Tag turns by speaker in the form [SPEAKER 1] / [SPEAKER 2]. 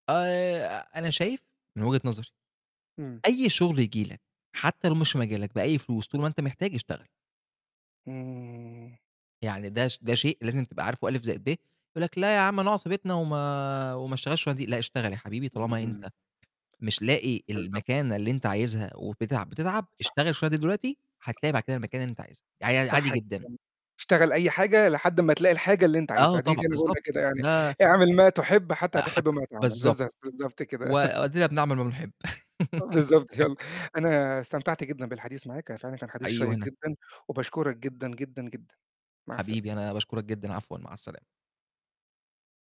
[SPEAKER 1] آآ، أنا شايف من وجهة نظري
[SPEAKER 2] إمم.
[SPEAKER 1] أي شغل ييجي لك حتى لو مش مجالك بأي فلوس طول ما أنت محتاج، اشتغل.
[SPEAKER 2] إمم.
[SPEAKER 1] يعني ده ش ده شيء لازم تبقى عارفه ألِف زائد ب، يقول لك لأ يا عم أنا أقعد في بيتنا وما وما أشتغلش الشُغلانة دي، لأ اشتغل يا حبيبي
[SPEAKER 2] إمم،
[SPEAKER 1] طالما
[SPEAKER 2] إمم.
[SPEAKER 1] أنت مش لاقي
[SPEAKER 2] بالضبط.
[SPEAKER 1] المكانة اللي أنت عايزها وبتتعب بتتعب،
[SPEAKER 2] صح.
[SPEAKER 1] اشتغل الشُغلانة دي دلوقتي هتلاقي بعد كده المكانة اللي أنت عايزها، يعني ع عادي
[SPEAKER 2] صح جدًا،
[SPEAKER 1] جدًا.
[SPEAKER 2] اشتغل أي حاجة لحد أمّا تلاقي الحاجة اللي أنت
[SPEAKER 1] آه
[SPEAKER 2] عايزها، دي
[SPEAKER 1] طبعًا،
[SPEAKER 2] أنا أقولها
[SPEAKER 1] بالضبط،
[SPEAKER 2] كده يعني،
[SPEAKER 1] لا
[SPEAKER 2] اعمل ما تحب حتى
[SPEAKER 1] آآ
[SPEAKER 2] تحب
[SPEAKER 1] حتى
[SPEAKER 2] ما تعمل،
[SPEAKER 1] بالضبط،
[SPEAKER 2] بالضبط، بالضبط كده.
[SPEAKER 1] وأدينا بنعمَل ما نحب.
[SPEAKER 2] بالضبط يالّا، أنا استمتعت جدًا بالحديث معاك، أنا فعلًا كان حديث
[SPEAKER 1] حقيقي
[SPEAKER 2] شيّق
[SPEAKER 1] وأنا.
[SPEAKER 2] جدًا وباشكرك جدًا، جدًا، جدًا، مع السلامة.
[SPEAKER 1] حبيبي، أنا باشكرك جدًا، عفوا مع السلامة.